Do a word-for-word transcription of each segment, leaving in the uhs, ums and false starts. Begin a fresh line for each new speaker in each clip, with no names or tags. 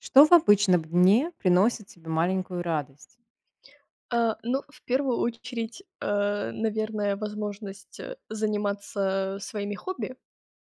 Что в обычном дне приносит тебе маленькую радость?
Э, ну, в первую очередь, э, наверное, возможность заниматься своими хобби.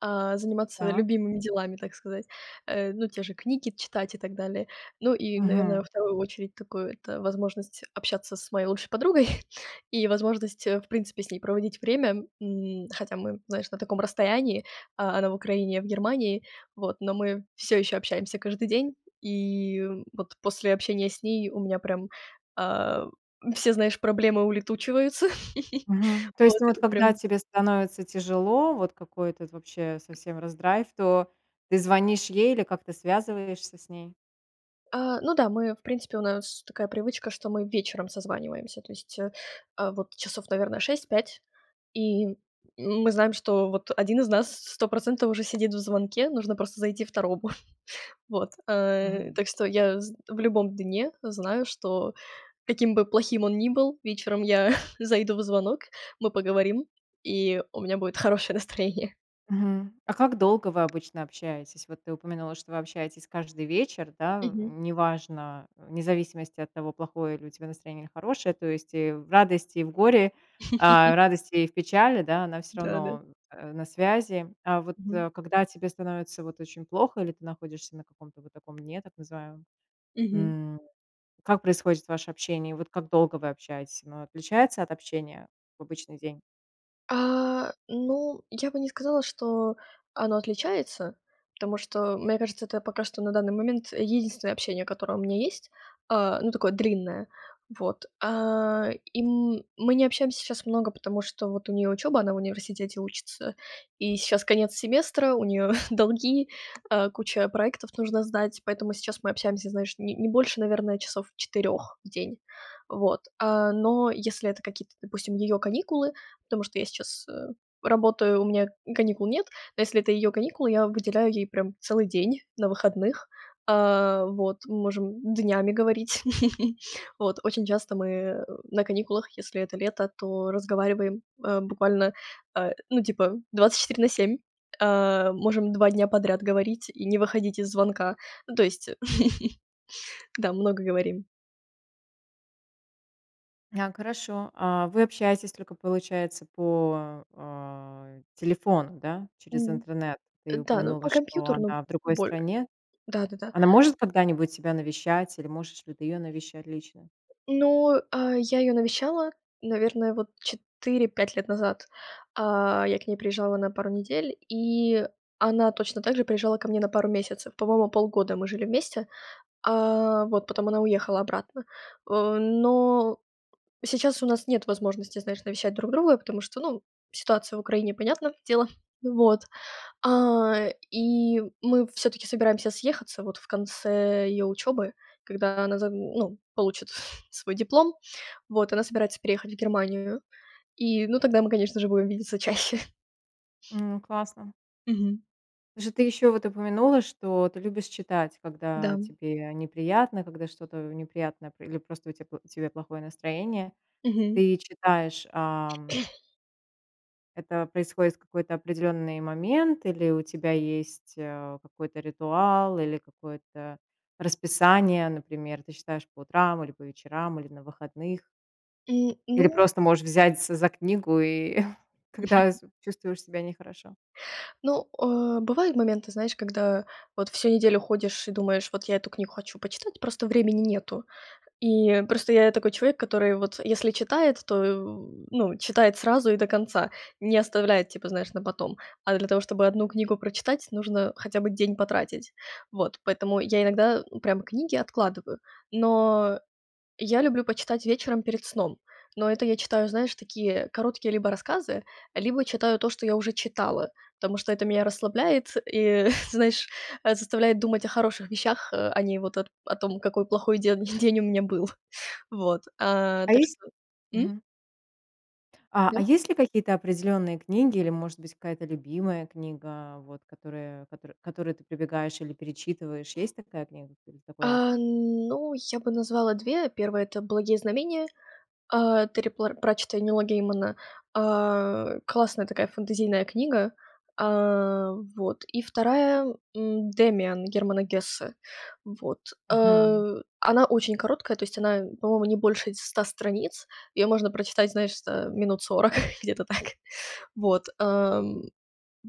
А, заниматься
Так.
любимыми делами, так сказать, э. Ну, те же книги читать и так далее. Ну, и, наверно, во
Мгм.
вторую очередь такую- это возможность общаться с моей лучшей подругой и возможность, в принципе, с ней проводить время, м. Хотя мы, знаешь, на таком расстоянии. А, она в Украине, я в Германии. Вот, но мы всё еще общаемся каждый день. И, м, вот после общения с ней у меня прям, а, все, знаешь, проблемы улетучиваются.
Мгм. То есть, ну,
Вот,
вот
и
когда
прям
тебе становится тяжело, вот какой-то этот, вообще, совсем раздрайв, то ты звонишь ей или как-то связываешься с ней?
А, ну да, мы, в принципе, у нас такая привычка, что мы вечером созваниваемся, то есть, а, вот часов, наверно, шесть пять. И мы знаем, что вот один из нас сто процентов уже сидит в звонке. Нужно просто зайти второму. Вот. Э,
Мгм.
так что я з в любом дне знаю, что каким бы плохим он ни был, вечером я зайду в звонок, мы поговорим, и у меня будет хорошее настроение.
Мгм. А как долго вы обычно общаетесь? Вот ты упомянула, что вы общаетесь каждый вечер, да,
Мгм.
неважно, вне зависимости от того, плохое ли у тебя настроение или хорошее. То есть, и в радости и в горе, а, радости и в печали, да, она всё
Да-да.
равно, э, на связи. А вот,
Мгм.
э, когда тебе становится вот очень плохо или ты находишься на каком-то вот таком дне, так называемом,
Мгм.
м, как происходит ваше общение? Вот как долго вы общаетесь? Оно отличается от общения в обычный день?
А. Ну, я бы не сказала, что оно отличается, потому что, мне кажется, это пока что на данный момент единственное общение, которое у меня есть, э, ну, такое длинное. Вот. Э. И м мы не общаемся щас много, потому что вот у нее учеба, она в университете учится. И щас конец семестра, у нее долги, э, куча проектов, нужно сдать. Поэтому сейчас мы общаемся, знаешь, не не больше, наверно, часов четырех в день. Вот, э, но если это какие-то, допустим, ее каникулы, потому что я сейчас, э, работаю, у меня каникул нет. Но если это ее каникулы, я выделяю ей прям целый день на выходных, э. Вот, мы можем днями говорить. Вот, очень часто мы на каникулах, если это лето, то разговариваем, э, буквально, э, ну, типа, двадцать четыре на семь. Э, можем два дня подряд говорить и не выходить из звонка. Ну, то есть, да, много говорим.
Няк, хорошо. А вы общаетесь только, получается, по, э, телефону, да, через
М.
интернет? Ты
Да, но по
упомянула, что
компьютеру, ну,
она в другой
боль
стране.
Да-да-да.
Она может когда-нибудь тебя навещать? Или можешь ли ты ее навещать лично?
Ну, а, я ее навещала, наверное, вот четыре пять лет назад. А, я к ней приезжала на пару недель, и она точно так же приезжала ко мне на пару месяцев. По-моему, полгода мы жили вместе, э, вот, потом она уехала обратно. О, но сейчас у нас нет возможности, знаешь, навещать друг друга, потому что, ну, ситуация в Украине- понятно дело. Вот. А, и мы всё-таки собираемся съехаться вот в конце ее учебы, когда она за ну, получит свой диплом. Вот, она собирается переехать в Германию. И, ну, тогда мы, конечно же, будем видеться чаще.
Ну, классно.
Мгм.
Же ты еще вот упомянула, что ты любишь читать, когда
Да.
тебе неприятно, когда что-то неприятное про или просто у тя у тебя плохое настроение.
Мгм.
Ты читаешь, ам Это происходит в какой-то определённый момент или у тебя есть, э, какой-то ритуал, или какое-то расписание. Например, ты читаешь по утрам или по вечерам, или на выходных.
М,
Или
ну
просто можешь взяться за книгу, и когда з чувствуешь себя нехорошо.
Ну, э, бывают моменты, знаешь, когда вот всю неделю ходишь и думаешь, вот я эту книгу хочу почитать. Просто времени нету. И просто я такой человек, который, вот, если читает, то, в, ну, читает сразу и до конца, не оставляет типа, знаешь, на потом. А для того, чтобы одну книгу прочитать, нужно хотя бы день потратить. Вот, поэтому я иногда прям книги откладываю. Но я люблю почитать вечером перед сном. Но это я читаю, знаешь, такие короткие либо рассказы, либо читаю то, что я уже читала. Потому что это меня расслабляет и, знаешь, э, заставляет думать о хороших вещах, а не вот о т о том, какой плохой ден день у меня был. Вот, а,
А
так
есть
что, м?
Мгм. А, а
Да.
есть ли какие-то определённые книги или, может быть, какая-то любимая книга, вот которая котор которую ты прибегаешь или перечитываешь, есть такая книга или такой
А
автор?
ну, я бы назвала две: первая это "Благие знамения", а, Терри Пла Пратчетта и Нила Геймана. А, классная такая фэнтезийная книга. А, вот, и вторая, м, "Демиан" Германа Гессе. Вот,
Мгм.
э, она очень короткая. То есть она, по-моему, не больше ть ста страниц. Её можно прочитать, знаешь, за, э, минут сорок где-то так. Вот. Э,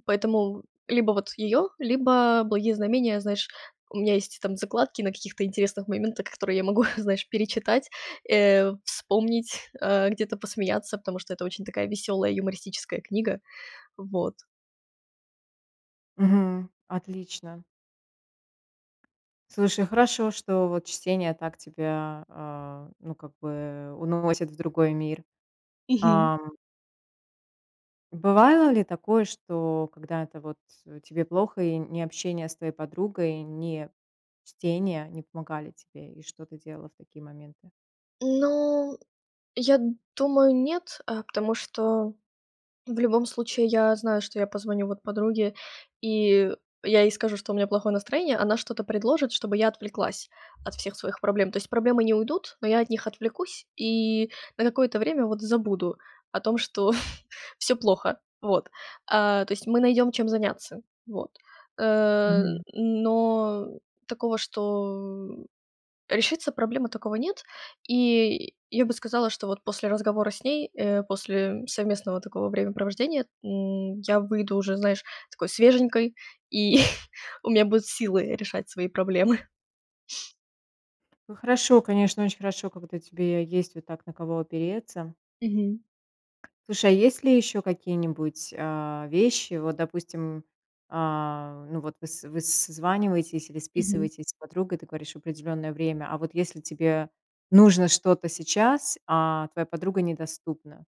поэтому либо вот её, либо "Благие знамения". Знаешь, у меня есть там закладки на каких-то интересных моментах, которые я могу, знаешь, перечитать, э, вспомнить, э, где-то посмеяться, потому что это очень такая весёлая юмористическая книга. Вот.
Мгм. Отлично. Слушай, хорошо, что, вот, чтение так тебя, а, ну, как бы уносит в другой мир.
Мгм.
Ам. Бывало ли такое, что когда-то вот тебе плохо и ни общение с твоей подругой, ни чтение не помогали тебе, и что ты делала в такие моменты?
Ну, я думаю, нет, э, потому что в любом случае я знаю, что я позвоню, вот, подруге, и я ей скажу, что у меня плохое настроение, она что-то предложит, чтобы я отвлеклась от всех своих проблем, то есть проблемы не уйдут, но я от них отвлекусь и на какое то время, вот, забуду о том, что всё плохо. Вот. А, то есть мы найдем, чем заняться. Вот. Э,
Мгм.
но такого, что решиться проблемы такого нет. И я бы сказала, что, вот, после разговора с ней, э, после, м, совместного такого времяпровождения, м, я выйду уже, знаешь, такой свеженькой, и у меня будут силы решать свои проблемы.
Ну хорошо, конечно, очень хорошо, когда тебе я есть вот так, на кого опереться.
Мгм.
Слушай, а есть ли ещё какие-нибудь, а, вещи вот, допустим, а, ну вот выс выс созваниваетесь или
Мгм.
списываетесь с подругой, ты говоришь в определенное время. А вот если тебе нужно что-то сейчас, а твоя подруга недоступна?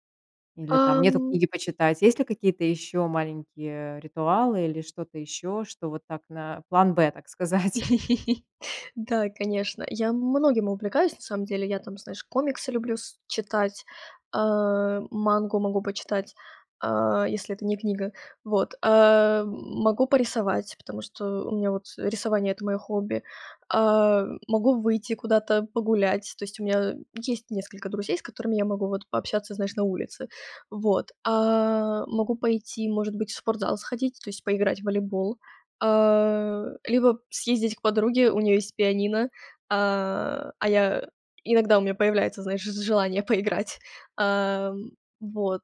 Или там
Э,
нету
м
книги почитать. Есть ли какие-то ещё маленькие, э, ритуалы или что-то ещё, что вот так на план Б, так сказать?
Да, конечно. Я многим увлекаюсь на самом деле. Я там, знаешь, комиксы люблю с читать. Э, мангу могу почитать, э, если это не книга. Вот, э, могу порисовать, потому что у меня вот, э, рисование- это моё хобби. А, могу выйти куда-то погулять. То есть у меня, э, есть несколько друзей, с которыми я могу вот пообщаться, знаешь, на улице. Вот. А, могу пойти, может быть, в спортзал сходить, то есть поиграть в волейбол, э, либо съездить к подруге. У нее есть пианино. А, а я иногда у меня появляется, знаешь, ж желание поиграть. А, м, вот.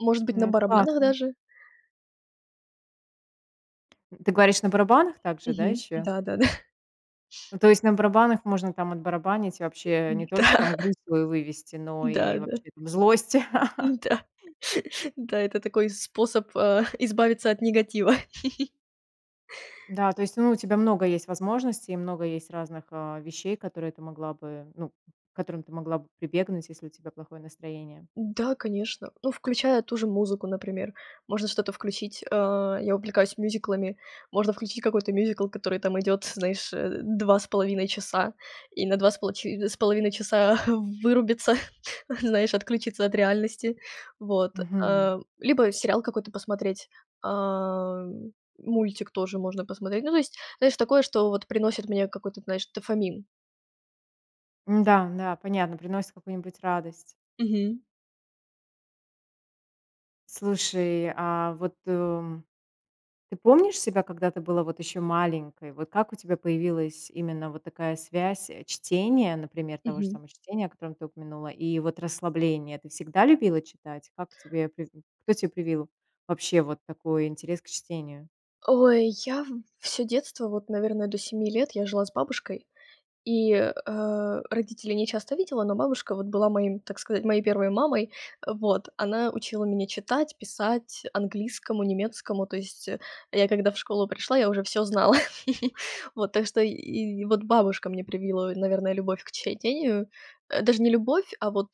Может быть,
Ну
на
это
барабанах
классно!
даже.
Ты говоришь, на барабанах также, да,
Мгм,
еще?
да-да-да.
Ну, то есть, на барабанах можно, там, отбарабанить, вообще не только,
Да.
там, грусть свою вывести, но и
Да-да.
вообще, там, злость.
Н-да. Да, это такой способ, а, избавиться от негатива.
Да, то есть, ну, у тебя много есть возможностей, много есть разных, а, вещей, которые ты могла бы, ну, к которым ты могла бы прибегнуть, если у тебя плохое настроение.
Да, конечно. Ну, включая ту же музыку, например. Можно что-то включить. А, я увлекаюсь мюзиклами. Можно включить какой-то мюзикл, который там идёт, знаешь, э, два с половиной часа, и на два с полочи с половиной часа вырубиться, знаешь, отключиться от реальности. Вот.
Мгм.
А, либо сериал какой-то посмотреть. Ам, мультик тоже можно посмотреть. Ну, то есть, знаешь, такое, что, вот, приносит мне какой-то, знаешь, дофамин.
М, да, да, понятно. Приносит какую-нибудь радость.
Мгм.
Слушай, а вот, эм, ты помнишь себя, когда ты была, вот, ещё маленькой? Вот как у тебя появилась именно вот такая связь чтения, например, того же
Мгм.
самого чтения, о котором ты упомянула, и вот расслабление? Ты всегда любила читать? Как тебе призн кто те привил вообще вот такой интерес к чтению?
Ой, я всё детство, вот, наверное, до семи лет я жила с бабушкой, и, э, родителей не часто видела, но бабушка, вот, была моим, так сказать, моей первой мамой. Э, вот она учила меня читать, писать, английскому, немецкому. То есть, я когда в школу пришла, я уже всё знала. Вот, так что, и и вот бабушка мне привила, наверное, любовь к чтению. Э, даже не любовь, а, вот,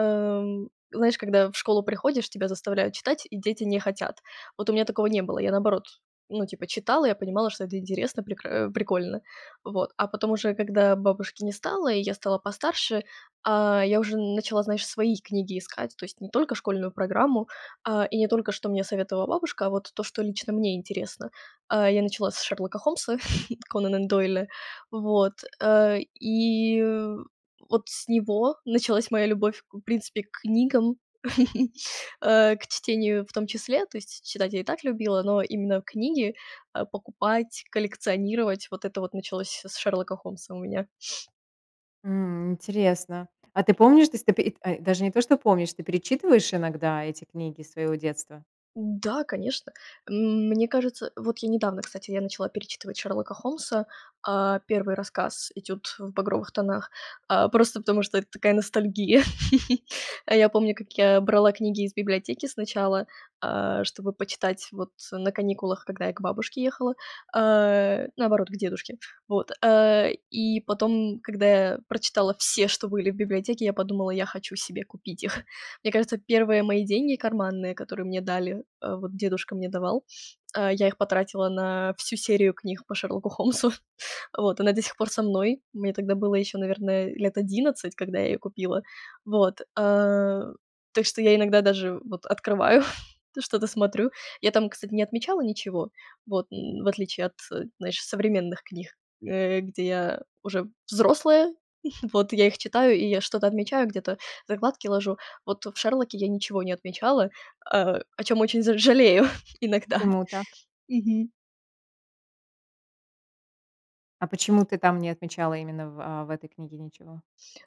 эм, знаешь, когда в школу приходишь, тебя заставляют читать, и дети не хотят. Вот у меня такого не было. Я, наоборот, ну, типа читала, я понимала, что это интересно, прекра э, прикольно. Вот, а потом уже, когда бабушки не стало, и я стала постарше, а, я уже начала, знаешь, свои книги искать, то есть не только школьную программу. А, и не только что мне советовала бабушка, а вот то, что лично мне интересно. Э, я начала с Шерлока Холмса Конанан Дойля. Вот. Э, и в вот с него началась моя любовь, в принципе, к книгам, а, к чтению в том числе. То есть читать я и так любила, но именно книги, а, покупать, коллекционировать, вот это вот началось с Шерлока Холмса у меня.
М, интересно. А ты помнишь, ты ст п ай, даже не то, что помнишь, ты перечитываешь иногда эти книги своего детства?
Да, конечно. М, мне кажется, вот я недавно, кстати, я начала перечитывать Шерлока Холмса. А, первый рассказ "Этюд в багровых тонах". А, просто потому что это такая ностальгия. Я помню, как я брала книги из библиотеки сначала, а, чтобы почитать, вот, на каникулах, когда я к бабушке ехала, а, наоборот, к дедушке. Вот. Э, и потом, когда я прочитала все, что были в библиотеке, я подумала, я хочу себе купить их. Мне кажется, первые мои деньги карманные, которые мне дали, э, вот дедушка мне давал. Э, я их потратила на всю серию книг по Шерлоку Холмсу. Вот, она до сих пор со мной. Мне тогда было ещё, наверное, лет одиннадцать, когда я её купила. Вот. Э, так что я иногда даже, вот, открываю, что-то смотрю. Я там, кстати, не отмечала ничего. Вот, н в отличие от, знаешь, современных книг, э, где я уже взрослая. Вот я их читаю, и я что-то отмечаю, где-то закладки ложу. Вот в Шерлоке я ничего не отмечала, э, о чём очень за жалею иногда.
Почему так?
Мгм.
А почему ты там не отмечала именно в, а, в этой книге ничего?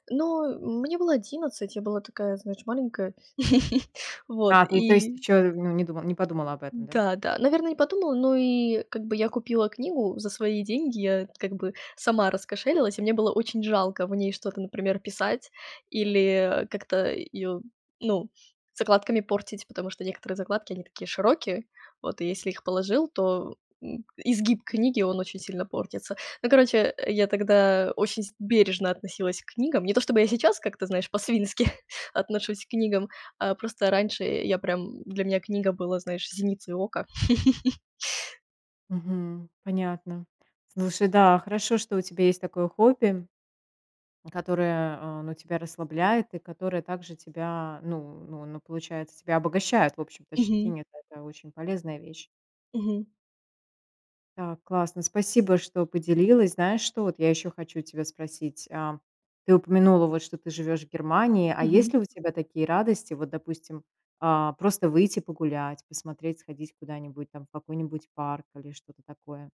Ну, э, мне было одиннадцать. Я была такая, знаешь, маленькая. Вот,
А, ты, то есть,
и
ещё не д не подумала об этом, да?
Да, да, наверно, не подумала. Но и, как бы, я купила книгу за свои деньги. Я, как бы, сама раскошелилась. И мне было очень жалко в ней что-то, например, писать или, э, как-то её, ну, закладками портить, потому что некоторые закладки они такие широкие. Вот, и если их положил, то, м, изгиб книги он очень сильно портится. Ну, короче, э, я тогда очень с бережно относилась к книгам. Не то, чтобы я сейчас как-то, знаешь, по-свински отношусь к книгам, а просто раньше я прям, для меня книга была, знаешь, зеницей ока.
Мгм. Понятно. Слушай, да, хорошо, что у тебя есть такое хобби, которое, э, ну тебя расслабляет и которое также тебя ну ну ну получается тебя обогащает, в общем-то,
Мгм.
щетинит, это очень полезная вещь.
Мгм.
Да, классно, спасибо, что поделилась. Знаешь, что вот я ещё хочу тебя спросить, а, ты упомянула, вот, что ты живёшь в Германии. А
Мгм.
есть ли у тебя такие радости, вот, допустим, а, просто выйти погулять, посмотреть, сходить куда-нибудь, там, в какой-нибудь парк или что-то такое?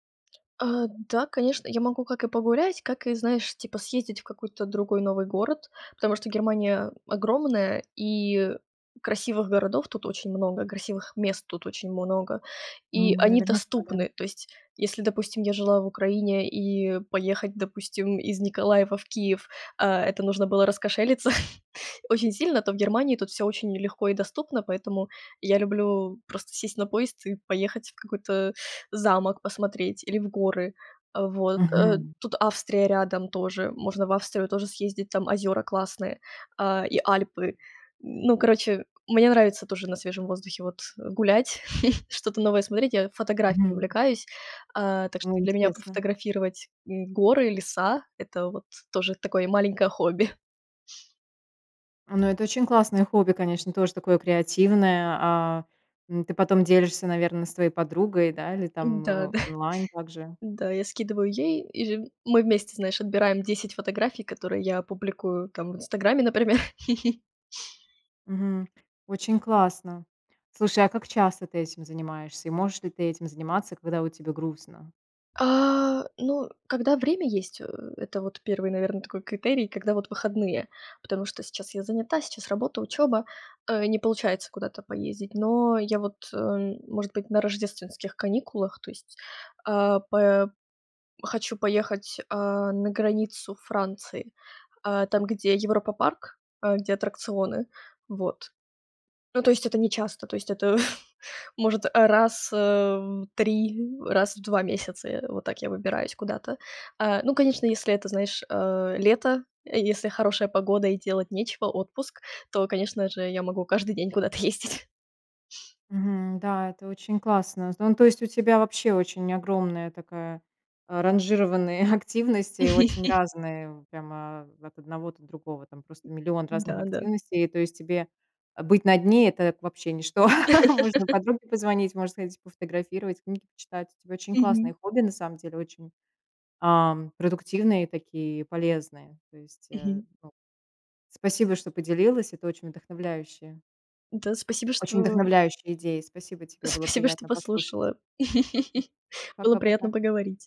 Э, да, конечно, я могу как и погулять, как и знаешь, типа съездить в какой-то другой новый город. Потому что Германия огромная, и красивых городов тут очень много, красивых мест тут очень много, и
М,
они
наверняка, да.
доступны. То есть, если, допустим, я жила в Украине, и поехать, допустим, из Николаева в Киев, а, это нужно было раскошелиться очень сильно, то в Германии тут всё очень легко и доступно. Поэтому я люблю просто сесть на поезд и поехать в какой-то замок посмотреть или в горы. Э, вот. Э,
Мгм.
тут Австрия рядом тоже. Можно в Австрию тоже съездить. Там озёра классные, а, и Альпы. Ну, короче, мне нравится тоже на свежем воздухе, вот, гулять, что-то новое смотреть. Я фотографией
Мгм.
увлекаюсь. А, так что
О,
для меня
интересно.
пофотографировать, м, горы и леса- это, вот, тоже такое маленькое хобби.
Ну это очень классное хобби, конечно, тоже такое креативное. А, м, ты потом делишься, наверно, с твоей подругой, да, или
М, да,
там, э,
да.
онлайн также?
Да, я скидываю ей. И ж мы вместе, знаешь, отбираем десять фотографий, которые я публикую, там, в "Инстаграме", например.
Мгм. Очень классно. Слушай, а как часто ты этим занимаешься? И можешь ли ты этим заниматься, когда, вот, тебе грустно?
А, ну, когда время есть. Э, это, вот, первый, наверно, такой критерий, когда, вот, выходные. Потому что сейчас я занята, сейчас работа, учёба, э, не получается куда-то поездить. Но я вот, э, может быть, на рождественских каникулах, то есть, а, п хочу поехать, э, на границу Франции. Э, там, где Европа-парк, э, где аттракционы. Вот. Ну, то есть, это нечасто, то есть, это может, э, раз, э, в три раз в два месяца, э, вот так я выбираюсь куда-то. Э, ну, конечно, если это, знаешь, э, лето, если хорошая погода и делать нечего, отпуск, то, конечно же, я могу каждый день куда-то ездить.
Мгм. Да, это очень классно. З ну, то есть, у тебя вообще очень огромная такая, а, ранжированные активности, очень разные. Вот прямо от одного до другого, там просто миллион разных
Да, да.
активностей. То есть, тебе быть на дне- это п вообще ничто. Можно подруге позвонить, можно сходить пофотографировать, книги почитать. У тебя очень классные
Мгм.
хобби, на самом деле, очень, ам, продуктивные такие и полезные. То есть, э,
Мгм.
ну, спасибо, что поделилась. Это очень вдохновляющие
Да, спасибо,
очень
что
вдохновляющие идеи. Спасибо тебе, было
спасибо, что
приятно послушать.
послушала. Было приятно
Пока-пока.
поговорить.